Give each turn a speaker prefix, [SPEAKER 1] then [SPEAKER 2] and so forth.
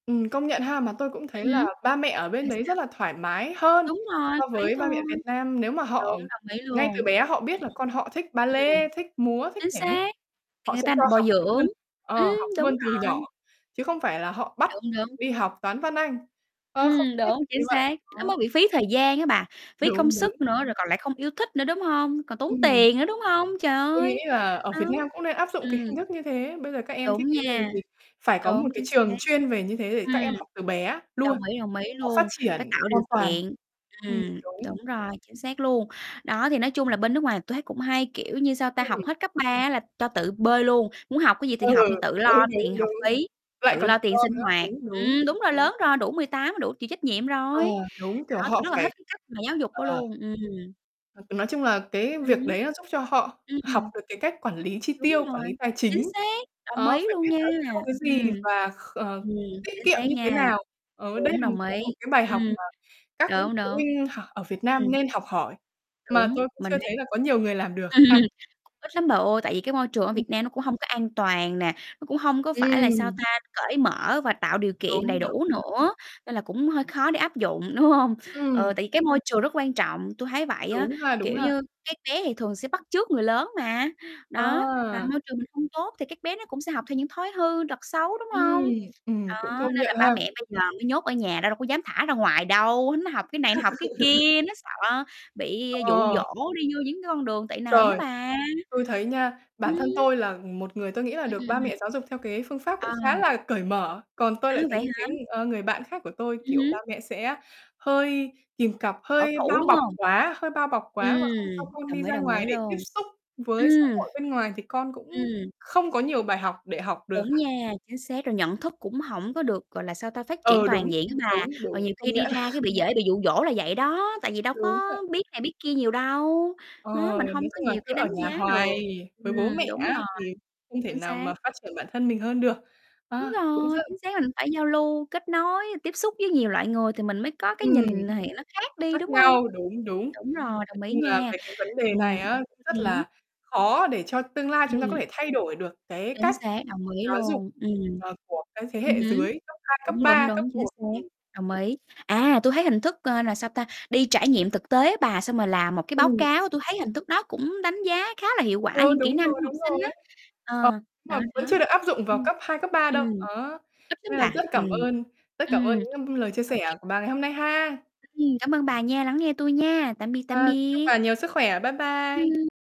[SPEAKER 1] Ừm, công nhận ha, mà tôi cũng
[SPEAKER 2] Ừ
[SPEAKER 1] thấy
[SPEAKER 2] hứ.
[SPEAKER 1] là ba mẹ ở bên
[SPEAKER 2] Sao,
[SPEAKER 1] đấy
[SPEAKER 2] sao?
[SPEAKER 1] rất là thoải mái hơn
[SPEAKER 2] Đúng rồi,
[SPEAKER 1] so
[SPEAKER 2] thoáng
[SPEAKER 1] với ba mẹ
[SPEAKER 2] thôi.
[SPEAKER 1] Việt Nam. Nếu mà họ
[SPEAKER 2] Đúng, đồng ý
[SPEAKER 1] ngay
[SPEAKER 2] luôn. Ừm
[SPEAKER 1] từ
[SPEAKER 2] hưm.
[SPEAKER 1] bé họ biết là con họ thích ba
[SPEAKER 2] Ưm, ừm.
[SPEAKER 1] lê, thích múa, thích
[SPEAKER 2] Chính
[SPEAKER 1] nhảy hip
[SPEAKER 2] xác, thì
[SPEAKER 1] họ
[SPEAKER 2] người
[SPEAKER 1] sẽ
[SPEAKER 2] ta
[SPEAKER 1] cho
[SPEAKER 2] bồi
[SPEAKER 1] học
[SPEAKER 2] dưỡng,
[SPEAKER 1] luôn,
[SPEAKER 2] ưm,
[SPEAKER 1] ờ, học
[SPEAKER 2] đúng
[SPEAKER 1] luôn từ nhỏ,
[SPEAKER 2] rồi.
[SPEAKER 1] chứ không phải là họ bắt
[SPEAKER 2] Đúng, đúng.
[SPEAKER 1] đi học Toán, Văn, Anh, ơ, không
[SPEAKER 2] Ừm,
[SPEAKER 1] nhất thiết
[SPEAKER 2] đúng,
[SPEAKER 1] phải như
[SPEAKER 2] chính
[SPEAKER 1] vậy,
[SPEAKER 2] xác. Nó
[SPEAKER 1] đó.
[SPEAKER 2] mới bị phí thời gian á bà, phí công
[SPEAKER 1] Đúng, đúng.
[SPEAKER 2] sức nữa rồi còn lại không yêu thích nữa, đúng hông? Còn tốn
[SPEAKER 1] Ừm.
[SPEAKER 2] tiền nữa, đúng hông? Trời
[SPEAKER 1] Tôi nghĩ
[SPEAKER 2] ơi,
[SPEAKER 1] là ở
[SPEAKER 2] đó,
[SPEAKER 1] Việt Nam cũng nên áp dụng cái
[SPEAKER 2] ừm.
[SPEAKER 1] hình thức như thế. Bây giờ các em thích
[SPEAKER 2] Đúng
[SPEAKER 1] cái gì
[SPEAKER 2] nha.
[SPEAKER 1] thì phải có một
[SPEAKER 2] Đúng,
[SPEAKER 1] cái
[SPEAKER 2] chính
[SPEAKER 1] trường
[SPEAKER 2] xác.
[SPEAKER 1] chuyên về như thế để các
[SPEAKER 2] Ừm.
[SPEAKER 1] em học từ bé luôn,
[SPEAKER 2] Đồng ý, đồng ý
[SPEAKER 1] nó phát
[SPEAKER 2] luôn, phải
[SPEAKER 1] triển
[SPEAKER 2] tạo điều
[SPEAKER 1] hoàn toàn.
[SPEAKER 2] kiện,
[SPEAKER 1] Ừm,
[SPEAKER 2] ừm,
[SPEAKER 1] đúng.
[SPEAKER 2] đúng rồi, chính xác luôn. Đó, thì nói chung là bên nước ngoài tui thấy cũng hay, kiểu như, sao
[SPEAKER 1] Ư,
[SPEAKER 2] ta, học
[SPEAKER 1] ừm.
[SPEAKER 2] hết cấp 3 á là cho tự bơi luôn, muốn học cái gì thì
[SPEAKER 1] Ừ,
[SPEAKER 2] học, thì tự lo
[SPEAKER 1] đúng,
[SPEAKER 2] tiền
[SPEAKER 1] đúng,
[SPEAKER 2] học
[SPEAKER 1] đúng,
[SPEAKER 2] phí,
[SPEAKER 1] lại
[SPEAKER 2] tự
[SPEAKER 1] còn
[SPEAKER 2] lo tiền
[SPEAKER 1] lo
[SPEAKER 2] sinh
[SPEAKER 1] nữa.
[SPEAKER 2] hoạt.
[SPEAKER 1] Đúng, đúng.
[SPEAKER 2] Ừm, đúng rồi, lớn rồi, đủ 18 đủ chịu trách nhiệm
[SPEAKER 1] À,
[SPEAKER 2] rồi,
[SPEAKER 1] đúng, kiểu,
[SPEAKER 2] đó,
[SPEAKER 1] họ
[SPEAKER 2] tui rất là thích
[SPEAKER 1] phải
[SPEAKER 2] cái cách mà giáo dục đó
[SPEAKER 1] ờ.
[SPEAKER 2] luôn, ừm.
[SPEAKER 1] H nói chung là cái
[SPEAKER 2] Ừ
[SPEAKER 1] việc
[SPEAKER 2] hứ.
[SPEAKER 1] đấy nó giúp cho họ
[SPEAKER 2] Ưm,
[SPEAKER 1] học
[SPEAKER 2] ừm.
[SPEAKER 1] được cái cách quản lý chi
[SPEAKER 2] Đúng
[SPEAKER 1] tiêu, quản
[SPEAKER 2] rồi,
[SPEAKER 1] lý tài
[SPEAKER 2] chính
[SPEAKER 1] chính.
[SPEAKER 2] xác, đồng
[SPEAKER 1] Đó,
[SPEAKER 2] ý
[SPEAKER 1] phải
[SPEAKER 2] luôn
[SPEAKER 1] biết
[SPEAKER 2] nha,
[SPEAKER 1] nó tiêu cái gì
[SPEAKER 2] ừm.
[SPEAKER 1] và kh ờ,
[SPEAKER 2] Ừm,
[SPEAKER 1] tiết
[SPEAKER 2] chính
[SPEAKER 1] kiệm
[SPEAKER 2] xác
[SPEAKER 1] như thế
[SPEAKER 2] nha.
[SPEAKER 1] nào. Ờ đây
[SPEAKER 2] Đúng,
[SPEAKER 1] là một
[SPEAKER 2] đồng
[SPEAKER 1] cái
[SPEAKER 2] ý,
[SPEAKER 1] một cái bài học
[SPEAKER 2] ừm,
[SPEAKER 1] mà các
[SPEAKER 2] đúng,
[SPEAKER 1] phụ
[SPEAKER 2] đúng.
[SPEAKER 1] huynh học ở Việt Nam
[SPEAKER 2] Ừm.
[SPEAKER 1] nên học hỏi, mà
[SPEAKER 2] Đúng,
[SPEAKER 1] tôi cũng
[SPEAKER 2] mình
[SPEAKER 1] chưa
[SPEAKER 2] đang
[SPEAKER 1] thấy là có nhiều người làm được ha.
[SPEAKER 2] Chắc cũng ít lắm bà ơi, tại vì cái môi trường ở
[SPEAKER 1] Ừm.
[SPEAKER 2] Việt Nam nó cũng hông có an toàn nè, nó cũng hông có phải là, sao
[SPEAKER 1] Ừm.
[SPEAKER 2] ta, cởi mở và tạo điều kiện
[SPEAKER 1] Đúng,
[SPEAKER 2] đầy
[SPEAKER 1] đúng.
[SPEAKER 2] đủ
[SPEAKER 1] Ừ.
[SPEAKER 2] nữa, nên là cũng hơi khó để áp dụng, đúng hông? Ừ,
[SPEAKER 1] Ừm.
[SPEAKER 2] tại vì cái môi trường rất quan trọng, tui thấy vậy á,
[SPEAKER 1] Đúng ha, đúng
[SPEAKER 2] kiểu
[SPEAKER 1] ha.
[SPEAKER 2] như, các bé thì thường sẽ bắt chước người lớn mà. Đó, mà
[SPEAKER 1] À.
[SPEAKER 2] môi trường mình không tốt thì các bé nó cũng sẽ học theo những thói hư tật xấu, đúng
[SPEAKER 1] Ừm,
[SPEAKER 2] hông?
[SPEAKER 1] ừm, cũng
[SPEAKER 2] Đó,
[SPEAKER 1] công
[SPEAKER 2] nên là
[SPEAKER 1] nhận
[SPEAKER 2] ba
[SPEAKER 1] ha.
[SPEAKER 2] mẹ bây giờ mới nhốt ở nhà, đâu đâu có dám thả ra ngoài đâu, nó học cái này, nó học cái kia, nó sợ bị dụ
[SPEAKER 1] Ờ.
[SPEAKER 2] dỗ đi vô những cái con đường tệ nạn đó
[SPEAKER 1] Trời,
[SPEAKER 2] bà.
[SPEAKER 1] tôi thấy nha,
[SPEAKER 2] Ừm.
[SPEAKER 1] bản thân tôi là một người, tôi nghĩ là
[SPEAKER 2] Ừm,
[SPEAKER 1] được ba
[SPEAKER 2] ừm, ừm.
[SPEAKER 1] mẹ giáo dục theo cái phương pháp cũng khá
[SPEAKER 2] À.
[SPEAKER 1] là cởi mở. Còn tôi
[SPEAKER 2] À,
[SPEAKER 1] lại thấy
[SPEAKER 2] vậy
[SPEAKER 1] những cái,
[SPEAKER 2] hả?
[SPEAKER 1] ờ, người bạn khác của tôi,
[SPEAKER 2] Ừm
[SPEAKER 1] kiểu, ba
[SPEAKER 2] hứm.
[SPEAKER 1] mẹ sẽ hơi kìm cặp,
[SPEAKER 2] Bảo
[SPEAKER 1] hơi
[SPEAKER 2] thủ,
[SPEAKER 1] bao
[SPEAKER 2] đúng
[SPEAKER 1] bọc
[SPEAKER 2] hông?
[SPEAKER 1] quá, hơi bao bọc
[SPEAKER 2] Ừm,
[SPEAKER 1] quá và không cho con
[SPEAKER 2] đồng
[SPEAKER 1] đi
[SPEAKER 2] ý,
[SPEAKER 1] ra
[SPEAKER 2] đồng
[SPEAKER 1] ngoài
[SPEAKER 2] ý
[SPEAKER 1] để tiếp
[SPEAKER 2] luôn.
[SPEAKER 1] xúc với xã
[SPEAKER 2] Ừm.
[SPEAKER 1] hội bên ngoài thì con
[SPEAKER 2] Ừm.
[SPEAKER 1] cũng không có nhiều bài học để học được
[SPEAKER 2] Đúng
[SPEAKER 1] á.
[SPEAKER 2] nha, chính xác, rồi nhận thức cũng hổng có được, gọi là, sao ta, phát triển
[SPEAKER 1] Ừ, đúng,
[SPEAKER 2] toàn diện á
[SPEAKER 1] đúng,
[SPEAKER 2] bà, rồi
[SPEAKER 1] đúng,
[SPEAKER 2] nhiều
[SPEAKER 1] công
[SPEAKER 2] khi đi
[SPEAKER 1] nhận.
[SPEAKER 2] ra cái bị dễ bị dụ dỗ là vậy đó, tại vì đâu
[SPEAKER 1] Đúng
[SPEAKER 2] có
[SPEAKER 1] vậy.
[SPEAKER 2] biết này, biết kia nhiều đâu,
[SPEAKER 1] Ờ,
[SPEAKER 2] đó, mình hông
[SPEAKER 1] nói
[SPEAKER 2] có
[SPEAKER 1] chung là
[SPEAKER 2] nhiều
[SPEAKER 1] cứ
[SPEAKER 2] cái
[SPEAKER 1] ở
[SPEAKER 2] đánh
[SPEAKER 1] nhà
[SPEAKER 2] giá được.
[SPEAKER 1] hoài với bố mẹ
[SPEAKER 2] Ừm, đúng
[SPEAKER 1] á
[SPEAKER 2] rồi,
[SPEAKER 1] thì không thể
[SPEAKER 2] chính
[SPEAKER 1] nào
[SPEAKER 2] xác.
[SPEAKER 1] mà phát triển bản thân mình hơn được. Ờ,
[SPEAKER 2] Đúng
[SPEAKER 1] cũng
[SPEAKER 2] rồi,
[SPEAKER 1] rất
[SPEAKER 2] chính xác, mình phải giao lưu, kết nối, tiếp xúc với nhiều loại người thì mình mới có cái
[SPEAKER 1] Ừm.
[SPEAKER 2] nhìn thì nó khác đi,
[SPEAKER 1] Khác
[SPEAKER 2] đúng không?
[SPEAKER 1] nhau, đúng, đúng.
[SPEAKER 2] Đúng rồi,
[SPEAKER 1] Nói
[SPEAKER 2] đồng ý
[SPEAKER 1] chung là
[SPEAKER 2] nha.
[SPEAKER 1] về cái vấn đề
[SPEAKER 2] Ừm
[SPEAKER 1] này á, cũng rất
[SPEAKER 2] hứm.
[SPEAKER 1] là khó để cho tương lai chúng ta có
[SPEAKER 2] Ừm.
[SPEAKER 1] thể thay đổi được cái
[SPEAKER 2] Chính
[SPEAKER 1] cách
[SPEAKER 2] xác, đồng ý
[SPEAKER 1] giáo dục,
[SPEAKER 2] luôn, ừm.
[SPEAKER 1] ờ, của cái thế
[SPEAKER 2] Ừ
[SPEAKER 1] hệ
[SPEAKER 2] hứ,
[SPEAKER 1] dưới cấp 2, cấp
[SPEAKER 2] đúng, đúng,
[SPEAKER 1] 3, cấp
[SPEAKER 2] đúng, chính
[SPEAKER 1] 1.
[SPEAKER 2] xác,
[SPEAKER 1] Ừm.
[SPEAKER 2] đồng ý. À, tui thấy hình thức, ờ, là, sao ta, đi trải nghiệm thực tế bà, xong rồi làm một cái báo
[SPEAKER 1] Ừm.
[SPEAKER 2] cáo, tui thấy hình thức đó cũng đánh giá khá là hiệu quả
[SPEAKER 1] Ờ,
[SPEAKER 2] những kỹ
[SPEAKER 1] đúng
[SPEAKER 2] năng
[SPEAKER 1] rồi,
[SPEAKER 2] của học
[SPEAKER 1] đúng rồi.
[SPEAKER 2] sinh á.
[SPEAKER 1] Ờ,
[SPEAKER 2] Ờ,
[SPEAKER 1] nhưng
[SPEAKER 2] đó,
[SPEAKER 1] mà vẫn
[SPEAKER 2] đó.
[SPEAKER 1] chưa được áp dụng vào
[SPEAKER 2] Ừm,
[SPEAKER 1] cấp 2, cấp 3 đâu,
[SPEAKER 2] ừm,
[SPEAKER 1] đó,
[SPEAKER 2] ít lắm
[SPEAKER 1] nên là
[SPEAKER 2] bà,
[SPEAKER 1] rất cảm
[SPEAKER 2] ừm.
[SPEAKER 1] ơn, rất cảm ơn
[SPEAKER 2] Ừm,
[SPEAKER 1] những, ưm, lời chia
[SPEAKER 2] ô kê.
[SPEAKER 1] sẻ của bà ngày hôm nay ha.
[SPEAKER 2] Ừm, cảm ơn bà nha, lắng nghe tui nha, tạm biệt, tạm
[SPEAKER 1] Ờ, chúc
[SPEAKER 2] biệt.
[SPEAKER 1] bà nhiều sức khỏe, bye bye.
[SPEAKER 2] Ừm.